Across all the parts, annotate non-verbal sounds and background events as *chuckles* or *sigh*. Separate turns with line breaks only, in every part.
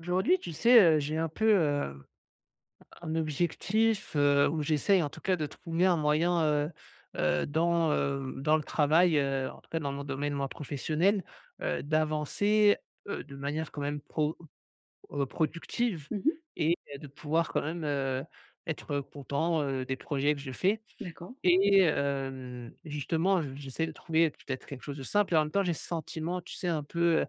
Aujourd'hui tu sais, heu, j'ai un peu, heu, un objectif, heu, où j'essaye en tout cas de trouver un moyen, heu heu, dans, heu, dans le travail, heu, en tout cas dans mon domaine, moi, professionnel. Heu, d'avancer, heu, de manière quand même pro heu, productive.
Mmh mh.
Et bah, de pouvoir quand même, heu, être content, heu, des projets que je fais
D'accord.
et hem, justement je j'essaie de trouver peut-être quelque chose de simple et en même temps j'ai ce sentiment, tu sais un peu, heu,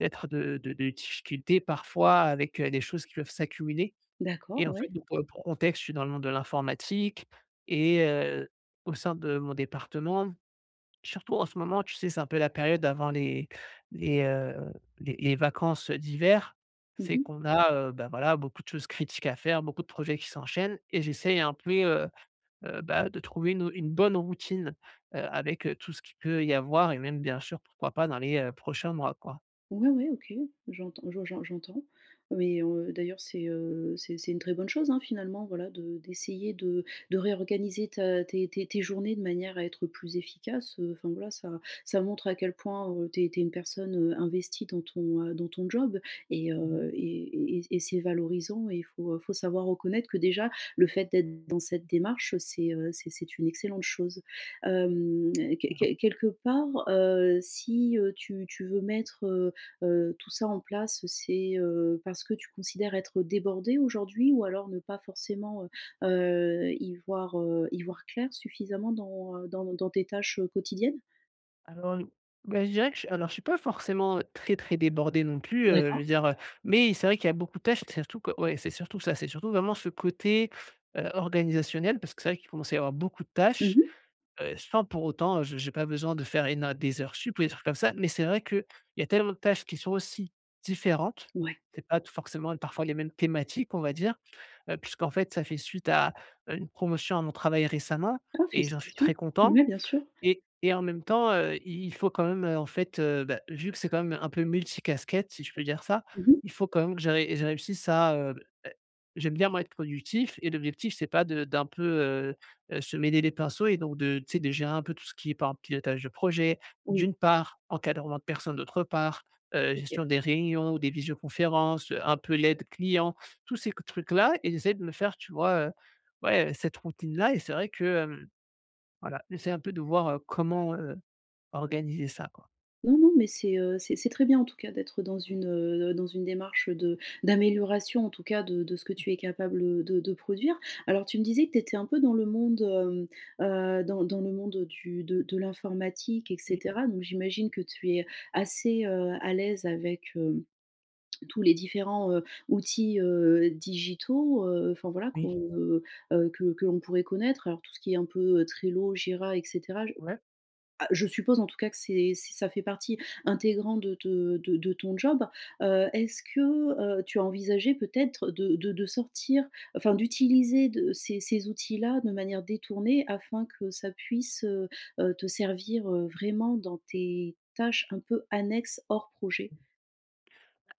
d'être de de de difficultés parfois avec, heu, des choses qui peuvent s'accumuler
D'accord,
et en fait,
ouais.
donc pour le pour contexte, je suis dans le monde de l'informatique et heu, au sein de mon département, surtout en ce moment, tu sais c'est un peu la période avant les les, heu, les les vacances, heu, d'hiver.
Mmh
C'est
mh.
qu'on a, heu, bah, voilà, beaucoup de choses critiques à faire, beaucoup de projets qui s'enchaînent et j'essaie un puis, heu heu, bah, de trouver, une au une bonne routine, heu, avec, heu, tout ce qu'il peut y avoir et même bien sûr pourquoi pas dans les, heu, prochains mois quoi.
Ouais, ouais, OK, j'entends je j'en j'entends. Mais, heu, d'ailleurs, c'est, heu, c'est c'est une très bonne chose, hein, finalement, voilà de d'essayer de de réorganiser ta tes tes tes journées de manière à être plus efficace. Heu, enfin, voilà, ça ça montre à quel point, heu, tu es tu es une personne, heu, investie dans ton heu, dans ton job. Et
Mmh mh.
heu, et et et c et c'est valorisant et il faut, heu, faut savoir reconnaître que déjà le fait d'être dans cette démarche, c'est, heu, c'est c'est une excellente chose. Hem, quel
*unintelligible*
quel quelque part, heu, si, heu, tu tu veux mettre, heu heu, tout ça en place, c'est, heu, parce que tu considères être débordé aujourd'hui, ou alors ne pas forcément, heu heu, y voir, heu, y voir clair suffisamment dans, heu, dans ne dans tes tâches, heu, quotidiennes?
Alors, beh, je dirais que j alors je suis pas forcément, heu, très, très débordé non plus, heu, je
D'accord.
veux dire, heu, mais i c'est vrai qu'il y a beaucoup de pertes, c'est surtout, que ouais, c'est surtout ça, c'est surtout vraiment ce côté, heu, organisationnel parce que c'est vrai qu'il commence à y avoir beaucoup de
Mmh
tâches,
mh.
heu, sans pour autant, heu, je j'ai pas besoin de faire éno des, heures, sup ou des trucs comme ça. Mais c'est vrai qu'il y a tellement de tâches qui sont aussi différentes,
Ouais.
c'est pas tout, forcément, parfois, les mêmes thématiques, on va dire, heu, puisqu'en fait, ça fait suite à, heu, une promotion à mon travail récemment
Ah,
et j'en suis
félicitations!
très content
Mouais, bien sûr.
et et en même temps, heu, i il faut quand même, heu, en fait heu, beh, vu que c'est quand même un peu multi casquettes si je peux dire ça,
*unintelligible* Mmh mh.
il faut quand même que j'arri je réussisse à, heu, è j'aime bien moi être productif et l'objectif c'est pas de d'un peu, heu heu, se mêler les pinceaux et donc de, tu sais, de gérer un peu tout ce qui est par pilotage de projet,
Oui.
d'une part, encadrement de personnes, d'autre part, heu,
OK.
gestion des réunions ou des visioconférences, heu, un peu l'aide client, tous ces que trucs-là et j'essaie de me faire tu vois, heu, ouais, heu, cette routine-là et c'est vrai que, hem, voilà, j'essaye un peu de voir comment, heu, organiser ça, quoi.
Non, non, mais c'est, heu, c'est c'est très bien, en tout cas, d'être dans une, heu, dans une démarche de d'amélioration, en tout cas, de de ce que tu es capable, heu, de de produire. Alors, tu me disais que tu étais un peu dans le monde, hem, heu, dans dans le monde, heu, du de de l'informatique et
Oui.
cetera donc, j'imagine que tu es assez, heu, à l'aise avec, heu, tous les différents, heu, outils, heu, digitaux, heu, enfin voilà, qu'on,
Oui.
heu heu, que que l'on pourrait connaître. Alors, tout ce qui est un peu, heu, Trello, Jira et cetera. Je
Ouais.
ah je suppose, en tout cas que c'est ç ça fait partie intégrante de te de de ton job. Heu, est-ce que, heu, tu as envisagé peut-être de de de sortir, enfin, d'utiliser de ces ces outils-là de manière détournée, afin que ça puisse, heu heu, te servir, heu, vraiment dans tes, tâches un peu annexes hors projet?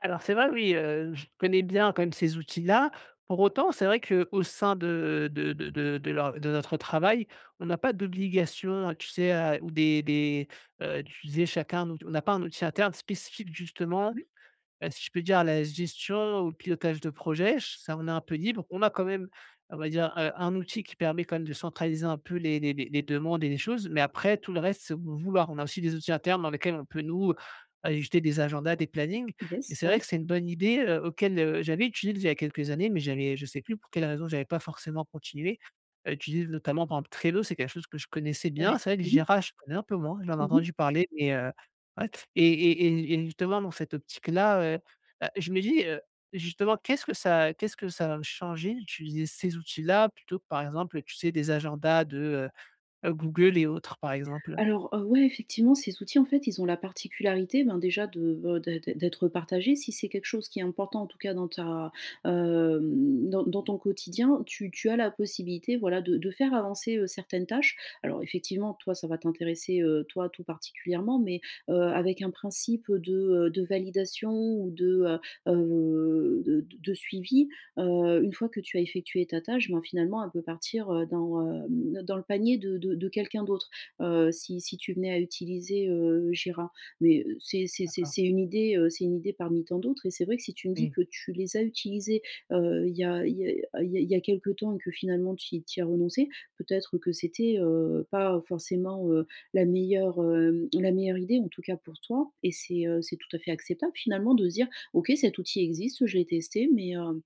Alors, c'est vrai, oui, heu, je connais bien quand même ces outils-là. Pour autant, c'est vrai, qu'au sein de de de de de leur de notre travail, on n'a pas d'obligation, heu, tu sais a ou des des, heu, d'utiliser chacun un out on n'a pas un outil interne spécifique justement,
Oui.
heu, si je peux dire à la gestion ou le pilotage de projets. Ch ça on est un peu libre. On a quand même on va dire, heu, un outil qui permet quand même de centraliser un peu les les les les demandes et les choses, mais après tout le reste, c'est au bon vouloir. On a aussi des outils internes dans lesquels on peut, nous, ajouter des agendas, des plannings, et
Yes,
c'est vrai
ouais.
que c'est une bonne idée, heu, auquel, heu, j'avais utilisé il y a quelques années, mais j'avais je sais plus pour quelle raison j'avais pas forcément continué à utiliser. Notamment, par exemple, Trello, c'est quelque chose que je connaissais
Ouais,
bien, c'est vrai que
mmh mh.
Jira, je connais un peu moins, j'en ai
Mmh mh.
entendu parler mais, heu, *unintelligible* et et et n et justement, dans cette optique-là, heu heu, je me dis, heu, justement, qu'est-ce que ça qu'est-ce que ça va me changer d'utiliser ces outils-là plutôt que, par exemple, tu sais des agendas de, heu, Google et autres, par exemple?
Alors, heu, ouais, effectivement, ces outils, en fait, ils ont la particularité, ben, déjà de be de d'êt d'être partagés, si c'est quelque chose qui est important, en tout cas dans ta, hem, dans dans ton quotidien, tu tu as la possibilité, voilà de de faire avancer, heu, certaines tâches. Alors effectivement, toi ça va t'intéresser, heu, toi tout particulièrement, mais, heu, avec un principe de, heu, de validation ou de, heu heu, de d de suivi, heu, une fois que tu as effectué ta tâche, ben finalement elle peut partir, heu, dans, hem, ne dans le panier de de de quelqu'un d'autre. Heu, si si tu venais à utiliser, heu, Jira, mais, heu, c'est c'est c'est
D'accord.
c'est une idée, heu, c'est une idée parmi tant d'autres et c'est vrai que si tu me dis
Oui.
que tu les as utilisés, heu, il y a il y a, heu, il y a il y a quelque temps et que finalement tu y tu y as renoncé, peut-être que c'était, heu, pas forcément, heu, la meilleure, hem, la meilleure idée en tout cas, pour toi, et c'est, heu, c'est tout à fait acceptable finalement de se dire: «OK, cet outil existe, je l'ai testé, mais, heu,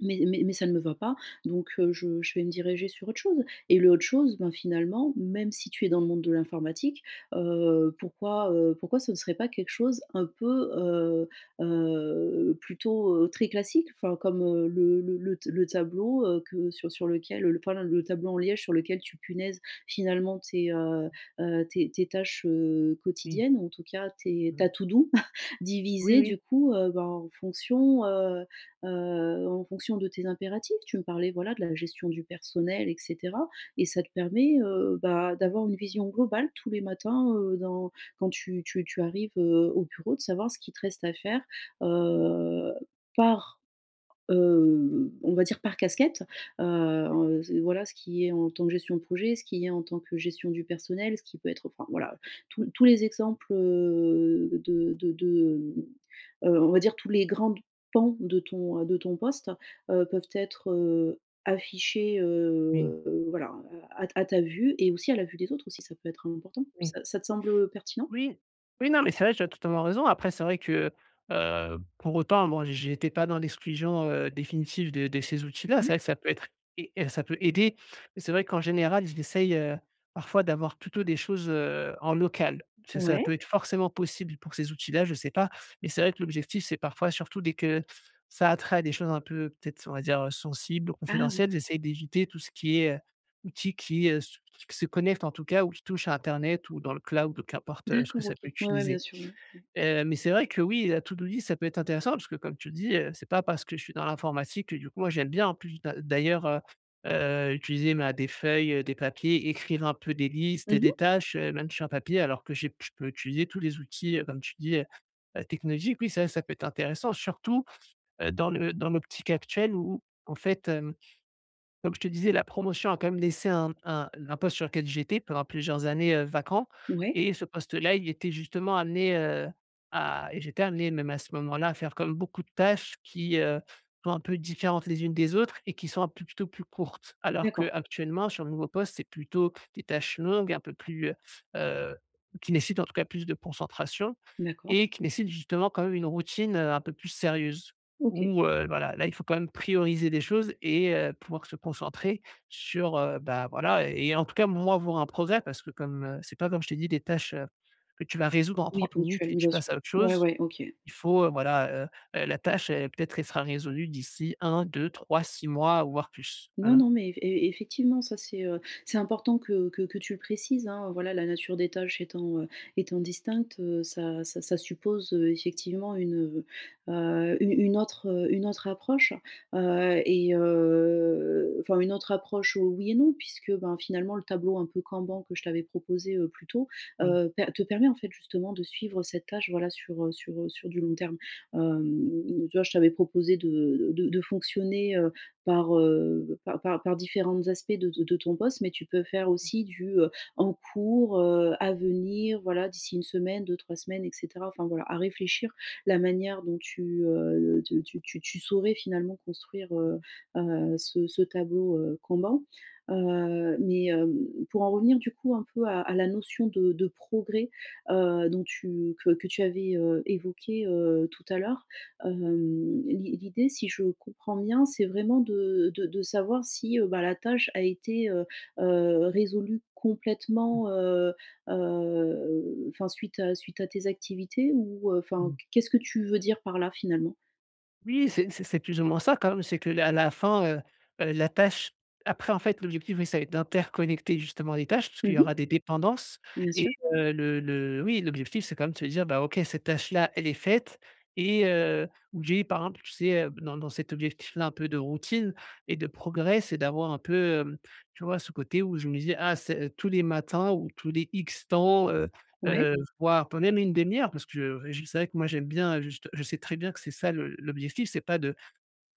mais mais mais, ça ne me va pas, donc, heu, je je vais me diriger sur autre chose», et le autre chose, ben finalement, même si tu es dans le monde de l'informatique, heu, pourquoi, heu, pourquoi ce ne serait pas quelque chose un peu, heu, heu, plutôt, heu, très classique? Enfin, comme, heu, le le le t le tableau, heu, que sur sur lequel l enfin, len le tableau en liège sur lequel tu punaises finalement, tes, heu heu, tes tes tâches, heu,
Oui.
quotidiennes, ou en tout cas, tes
Mmh.
ta to-do *chuckles*
Oui,
divisée,
oui.
du coup, heu, ben en fonction, heu heu, en fonction de tes impératifs. Tu me parlais voilà, de la gestion du personnel et cetera et ça te permet, heu, bah, d'avoir une vision globale tous les matins, heu, dans, quand tu tu tu arrives, heu, au bureau de savoir ce qui te reste à faire, heu, par, heu, on va dire par casquette, heu,
*unintelligible*
en ce voilà, ce qui est, en tant que gestion de projet, ce qui est en tant que gestion du personnel, ce qui peut être enfin voilà, heu. Tous l tous les exemples, heu, de de de, hem, heu, on va dire tous les grandes pans, de ton, heu, de ton poste, heu, peuvent être, heu, affichés,
Oui.
heu, voilà, hein, à à t à ta vue et aussi à la vue des autres aussi, ça peut être important.
Oui.
Ça ça te semble, heu, pertinent?
Oui. Oui, non, mais c'est vrai je totalement raison après c'est vrai que, heu, pour autant, moi j'étais pas dans l'exclusion, heu, définitive de de ces outils-là. C'est
Ouais.
vrai que ça peut être, ai heu, ça peut aider, c'est vrai qu'en général, j'essaye, heu, parfois d'avoir plutôt des choses, heu, en local. Ce ça
Ouais.
peut être forcément possible, pour ces outils-là, je sais pas, mais c'est vrai que l'objectif, c'est parfois, surtout dès que, ça a attrait à des choses un peu, peut-être on va dire, heu, sensibles ou
Ah oui.
confidentielles, j'essaye d'éviter tout ce qui est, heu, outil qui, heu, se se connecte en tout cas, ou qui touche à internet ou dans le cloud qu'importe, heu, ce que
D'accord,
ça
OK.
peut
Ouais, ouais, bien
utiliser.
sûr, ouais. Ouais.
Heu, mais c'est vrai que oui, la to-do list, ça peut être intéressant, parce que comme tu le dis, heu, c'est pas parce que je suis dans l'informatique que du coup, moi j'aime bien en plus d'a d'ailleurs, heu heu, utiliser ma des feuilles, heu, des papiers, écrire un peu des listes
Mmh
et des
mh.
tâches, heu, même sur un papier, alors que j'ai p je peux utiliser tous les outils comme tu dis, heu heu, technologiques. Oui ça ça peut être intéressant surtout, heu, dans le dans l'optique actuelle où, en fait, hem, comme je te disais, la promotion a quand même laissé un m un n un poste sur lequel j'étais pendant plusieurs années, heu, vacant
Ouais.
et ce poste-là, il était justement amené, heu, à et j'étais amené même à ce moment-là, à faire comme beaucoup de tâches qui, heu, sont un peu différentes les unes des autres et qui sont un peu plutôt plus courtes. Alors
D'accord.
qu'actuellement sur le nouveau poste, c'est plutôt, des tâches longues et un peu plus, heu heu, qui nécessitent en tout cas plus de concentration
D'accord.
et qui nécessitent justement quand même une routine, heu, un peu plus sérieuse.
OK.
Où, heu, voilà, là, il faut quand même prioriser des choses et heu, pouvoir se concentrer sur, heu, bah, voilà et et en tout cas moi voir un progrès parce que comme, heu, c'est pas comme je t'ai dit des tâches, heu, que tu vas résoudre en
Oui
30 minutes
ponctuel,
et tu
bien
passes
sûr.
à autre
Ouais,
chose.
ouais, OK.
Il faut, heu, voilà, heu heu, la tâche, elle est peut-être, elle sera résolue d'ici 1-2-3-6 mois, ou voire plus,
Non,
voilà.
non mais eff e effectivement, ça c'est, heu, c'est important que que que tu le précises hein, voilà, la nature des tâches étant, heu, étant distincte, heu, ça ça ça suppose, heu, effectivement une, heu heu, u une autre, heu, une autre approche, heu, et, heu, enfin, une autre approche, heu, oui et non puisque, ben, finalement, le tableau un peu Kanban que je t'avais proposé, heu, plus tôt,
Oui.
heu, pe te permet en fait justement de suivre cette tâche, voilà sur, heu, sur, heu, sur du long terme. Hem, m m tu vois, je t'avais proposé de d de de fonctionner, heu, par, heu, par par par différentes aspects de de de ton poste, mais tu peux faire aussi du, heu, en cours, heu, à venir, voilà, d'ici 1 semaine, 2-3 semaines et cetera. Enfin voilà, à réfléchir la manière dont tu, heu heu, de te tu tu tu saurais finalement construire, heu heu, ce ce tableau, heu, Kanban. Heu, mais, hem, pour en revenir du coup un peu à à la notion de de progrès, heu, dont tu que que tu avais, heu, évoquée, heu, tout à l'heure, hem, l'i l'idée, si je comprends bien, c'est vraiment de de de savoir si, heu, bah, la tâche a été, heu heu, résolue
Mmh.
complètement, heu heu, enfin, suite à suite à tes activités ou, heu, enfin
Mmh.
Q qu'est-ce que tu veux dire par-là finalement?
Oui, c'est c'est c'est plus ou moins ça, quand même, c'est que la la fin, heu, la tâche après, en fait, l'objectif c'est d'interconnecter justement les tâches, puisqu'il
Mhm
y aura
mh.
des dépendances
Bien
et
sûr.
heu, le le oui, l'objectif, c'est quand même de se dire: «Bah, OK, cette tâche-là, elle est faite» et heu, ou j'ai, par exemple, tu sais, dans dans cet objectif-là, un peu de routine et de progrès, c'est d'avoir un peu, hem, tu vois, ce côté où je me disais: «Ah, c'est, heu, tous les matins, ou tous les X temps, heu
Ouais.
heu, voire, pour même une demi-heure», parce que j c'est vrai que moi, j'aime bien juste je sais très bien que c'est ça le l'objectif, c'est pas de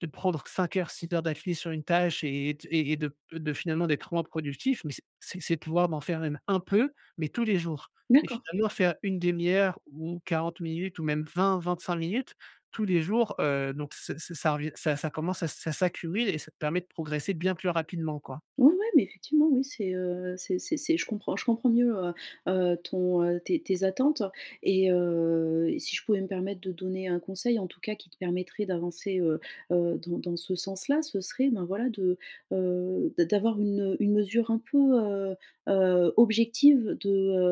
de prendre 5 heures, 6 heures d’affilée sur une tâche, et et t et et de de finalement, d'être moins productif, mais c'est c'est c'est de pouvoir m'en faire un peu, mais tous les jours, et
D'accord.
finalement faire une 1/2 ou 40 minutes ou même 20-25 minutes tous les jours. Heu, donc, ça ça ça revient ça ça commence à ça s'accumule et ça te permet de progresser bien plus rapidement quoi.
Ouais, ouais, mais effectivement, oui, c'est, heu, c'est c'est c'est je comprends je comprends mieux, heu heu, ton, heu, tes tes attentes et heu, et si je pouvais me permettre de donner un conseil, en tout cas, qui te permettrait d'avancer, heu heu dans dans ce sens-là, ce serait, ben voilà, de, heu, d'a d'avoir une une mesure un peu, heu heu, objective de,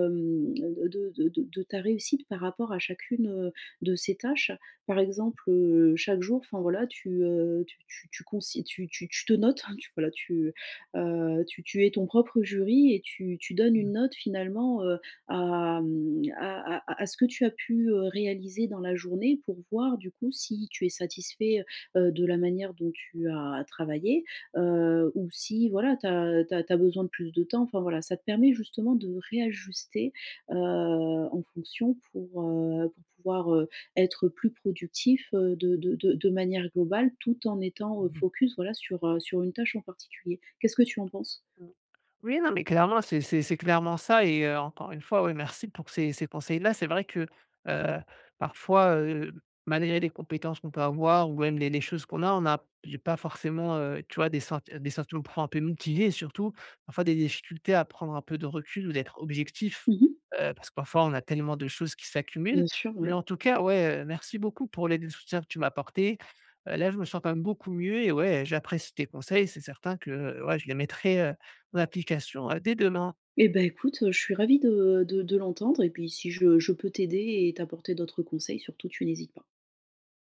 hem, de de de de ta réussite, par rapport à chacune, heu, de ces tâches. Par exemple, heu, chaque jour, enfin, voilà, tu, heu, tu tu tu cons tu tu tu te notes, hein, voilà, tu, heu, tu tu es ton propre jury, et tu tu donnes une
Mmh.
note, finalement, heu, à mmh, à à à à ce que tu as pu, heu, réaliser dans la journée pour voir, du coup, si tu es satisfait, heu heu de la manière dont tu as travaillé. Heu, ou si, voilà, tu as tu as tu as besoin de plus de temps, enfin, voilà, ça te permet justement de réajuster, heu, en fonction, pour, heu, pour pouvoir, heu, être plus productif, heu, de de de de manière globale, tout en étant, heu,
Mmh mh.
focus, voilà, sur, heu, sur une tâche, en particulier. Qu'est-ce que tu en penses?
Mmh. Oui, non, mais clairement, c'est c'est c'est clairement ça et heu, encore une fois, ouais, merci pour ces ces conseils-là, c'est vrai que, heu, parfois, heu, malgré les compétences qu'on peut avoir ou même les les choses qu'on a, on a j'ai pas forcément, heu, tu vois, des sen des sentiments pour un peu, motiver et surtout, parfois, des difficultés à prendre un peu de recul ou d'être objectif.
Mmh mh.
Heu, parce que, parfois, on a tellement de choses qui s'accumulent,
Bien sûr,
mais
ouais.
en tout cas, ouais, heu, merci beaucoup pour l'aide et le soutien que tu m'as apportés. Heu, là, je me sens, quand même, beaucoup mieux et ouais, j'apprécie tes conseils, c'est certain que, heu, ouais, je les mettrai, heu, en application, hein, dès demain.
Eh ben, écoute, heu, je suis ravie de de de l'entendre, et puis si je je peux t'aider et t'apporter d'autres conseils, surtout, tu n'hésites pas.